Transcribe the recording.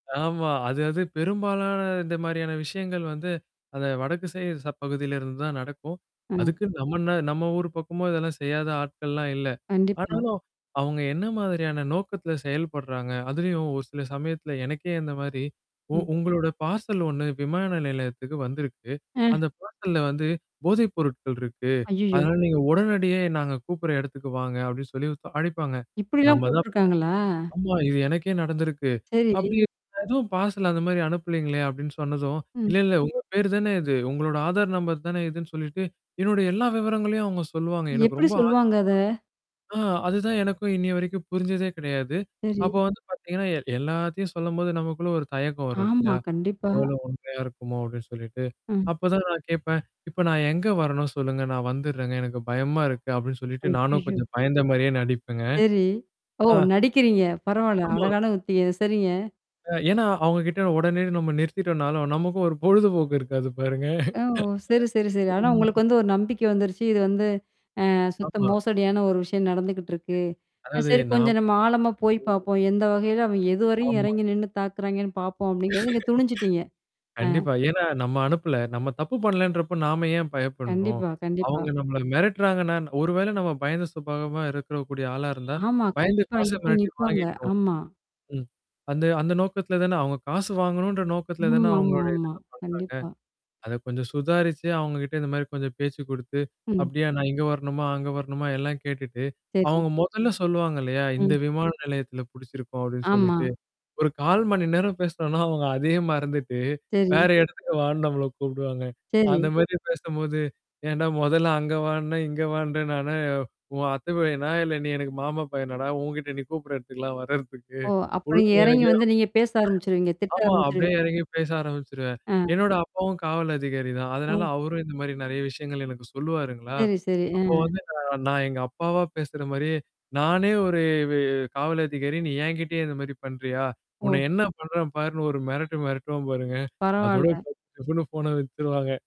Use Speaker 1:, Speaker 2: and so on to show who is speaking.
Speaker 1: ஆமா. அது, அது பெரும்பாலான இந்த மாதிரியான விஷயங்கள் வந்து அத வடக்கு திசை அப்பகுதியில இருந்து தான் நடக்கும்.
Speaker 2: ம்.
Speaker 1: அதுக்கு நம்ம என்ன நம்ம ஊரு பக்கமும் இதெல்லாம் செய்யாத ஆட்கள்லாம் இல்ல.
Speaker 2: கண்டிப்பா.
Speaker 1: ஆனாலும், அவுங்க என்ன மாதிரியான நோக்கத்துல செயல்படுறாங்க. அதுலயும் ஒரு சில சமயத்துல எனக்கே இந்தமாரி உ
Speaker 2: ம்.
Speaker 1: உங்களோட பார்சல் 1 விமான நிலையத்துக்கு வந்திருக்கு.
Speaker 2: அ.
Speaker 1: அந்தப் பார்சல்ல வந்து போதைப் பொருட்கள் இருக்கு.
Speaker 2: ஐயய்யோ!
Speaker 1: அதனால நீங்க உடனடியா நாங்க கூப்பிடுற இடத்துக்கு வாங்க. அப்பிடின்னு சொல்லி ஒருத் அழைப்பாங்க.
Speaker 2: இப்பிடிலாம்
Speaker 1: நம்ம தான்
Speaker 2: கூப்புட்டுருக்காங்களா?
Speaker 1: ஆமா இது எனக்கே நடந்துருக்கு. அப்பிடி
Speaker 2: சரி.
Speaker 1: எதுவும் பார்சல் அந்தமாரி அனுப்பலேங்களே! அப்பிடின்னு சொன்னதும்,
Speaker 2: ம்.
Speaker 1: இல்ல, இல்ல உங்க பேரு தானே இது. உங்களோட ஆதார் நம்பர் தானே இதுன்னு சொல்லிட்டு, என்னோட எல்லா விவரங்களையும் அவுங்க சொல்லுவாங்க. எனக்கு
Speaker 2: எப்பிடி
Speaker 1: ரொம்ப
Speaker 2: சொல்லுவாங்க அத?
Speaker 1: ஆச்சர்யம் அ அது தான் எனக்கும் இன்னியவரைக்கும் புரிஞ்சதே கிடையாது.
Speaker 2: சரி.
Speaker 1: அப்போ வந்து பார்த்தீங்கன்னா, எ எல்லாத்தையும் சொல்லும்போது நமக்குள்ள ஒரு தயக்கம் வரும்
Speaker 2: ஆமா,
Speaker 1: இல்லயா!
Speaker 2: கண்டிப்பா.
Speaker 1: ஒரு வேல உண்மையா இருக்குமோ! அப்பிடின்னு சொல்லிட்டு.
Speaker 2: ம்.
Speaker 1: அப்பதான் நான் கேட்பேன். இப்ப நான் எங்க வரணும்? சொல்லுங்க. நான் வந்துட்றேனங்க. எனக்குப் பயமா இருக்கு, அப்பிடின்னு சொல்லிட்டு நானும்
Speaker 2: ஐயய்யோ!
Speaker 1: கொஞ்சம் பயந்த மாரியே நடிப்பேங்க.
Speaker 2: சரி. ஓ!
Speaker 1: ஆ.
Speaker 2: நடிக்கிறீங்க. பரவாயில்ல.
Speaker 1: ஆமா.
Speaker 2: அழகான உத்தியே! சரிங்க.
Speaker 1: அ ஏனா அவுங்கக்கிட்ட உடனே நம்ம நிறுத்திட்டனாலும் நமக்கும் ஒரு பொழுதுபோக்கு இருக்காது பாருங்க
Speaker 2: அ ஓ! சரி, சரி, சரி. ஆனா,
Speaker 1: ம்.
Speaker 2: உங்களுக்கு வந்து ஒரு நம்பிக்கை வந்துருச்சு. இது வந்து ஆ, சுத்த
Speaker 1: ஆமா
Speaker 2: மோசடியான ஒரு விஷயம் நடந்துக்கிட்டு இருக்கு. அ
Speaker 1: அதாவது
Speaker 2: சரி
Speaker 1: நாம்
Speaker 2: கொஞ்சம் நம்ம ஆழமா போய்
Speaker 1: ம்.
Speaker 2: பாப்போம். எந்த வகையில அவன் எதுவரையும்
Speaker 1: ஆமா.
Speaker 2: இறங்கி நின்னு தாக்குறாங்கன்னு பார்ப்போம் அப்பிடிங்கிறது நீங்க துணிஞ்சுட்டீங்க. அ.
Speaker 1: கண்டிப்பா. ஏன்னா நம்ம அனுப்பல. நம்ம தப்பு பண்ணலேன்றப்ப நாம ஏன் பயப்பட்ணும்?
Speaker 2: கண்டிப்பா,
Speaker 1: அவுங்க
Speaker 2: கண்டிப்பா.
Speaker 1: நம்மள மிரட்டுறாங்கன்னா, ஒருவேளை நாம பயந்த சுபாவமா இருக்கக்கூடிய ஆளா இருந்தா,
Speaker 2: ஆமா,
Speaker 1: பயந்து
Speaker 2: கண்டிப்பா.
Speaker 1: காச
Speaker 2: அங்க போய்
Speaker 1: மிரட்டி
Speaker 2: நிப்பாங்க.
Speaker 1: வாங்கிட்னும்.
Speaker 2: ஆமா.
Speaker 1: ம். அந்த அந்த, அந்த நோக்கத்துல தான் அவுங்க காசு வாங்கனும்ன்ற நோக்கத்துல
Speaker 2: ம் ஆமா, ஆமா,
Speaker 1: அவுங்களுடைய [unintelligible]
Speaker 2: ஆமா.
Speaker 1: பண்றாங்க.
Speaker 2: கண்டிப்பா.
Speaker 1: அத கொஞ்சம் சுதாரிச்சு அவுங்கக்கிட்ட இந்தமாரி கொஞ்சம் பேச்சு கொடுத்து,
Speaker 2: ம்.
Speaker 1: அப்பிடியா நான் இங்க வரணுமா? அங்க வரணுமா? எல்லாம் கேட்டுட்டு
Speaker 2: சரி.
Speaker 1: அவுங்க முதல்ல சொல்லுவாங்க இல்லயா! இந்த
Speaker 2: ம்.
Speaker 1: விமான நிலையத்துல பிடிச்சிருக்கும் அப்பிடின்னு
Speaker 2: ஆமா.
Speaker 1: சொல்லிட்டு, ஒரு 1/4 மணி நேரம் பேசினன்னா, அவுங்க அதே மறந்துட்டு
Speaker 2: சரி.
Speaker 1: வேற இடத்துக்கு வான்னு நம்மள கூப்பிடுவாங்க. அந்த
Speaker 2: சரி.
Speaker 1: மாரி பேசும்போது ஏன்டா முதல்ல அங்க வான்ன, இங்க வான்ற நான் என்ன உன் அத்தை பையனா! இல்ல நீ எனக்கு மாமா பையனாடா! உன்கிட்ட நீ கூப்பிட்ற இடத்துக்குலாம் வர்றதுக்கு
Speaker 2: ஓ! அப்ப நீங்க
Speaker 1: ஒழுங்கா
Speaker 2: இறங்கி வந்து நீங்கப் பேச ஆரம்பிச்சிருவீங்க.
Speaker 1: [unintelligible]
Speaker 2: திட்ட
Speaker 1: ஆமா அப்பிடியே
Speaker 2: ஆரம்பிச்சிருவீங்க.
Speaker 1: இறங்கி பேச ஆரம்பிச்சுருவேன்.
Speaker 2: ஆ.
Speaker 1: என்னோட அப்பாவும் காவல் அதிகாரி தான். அதனால
Speaker 2: அ.
Speaker 1: அவரும் இந்தமாரி நிறைய விஷயங்கள் எனக்குச் சொல்லுவாருங்களா.
Speaker 2: சரி, சரி.
Speaker 1: அப்ப
Speaker 2: அ.
Speaker 1: வந்து நான் எங்கப்பாவா பேசுற மாரியே நானே ஒரு வெ காவல் அதிகாரி. நீ என்கிட்டேயே இந்தமாரி பண்றியா! உன்ன
Speaker 2: ஓ!
Speaker 1: என்ன பண்றேன் பாருன்னு ஒரு மிரட்டு மிரட்டுவேன், பாருங்க. அதோட
Speaker 2: பரவாயில்ல.
Speaker 1: [unintelligible] ஃபோன வச்சிருவான்ங்க.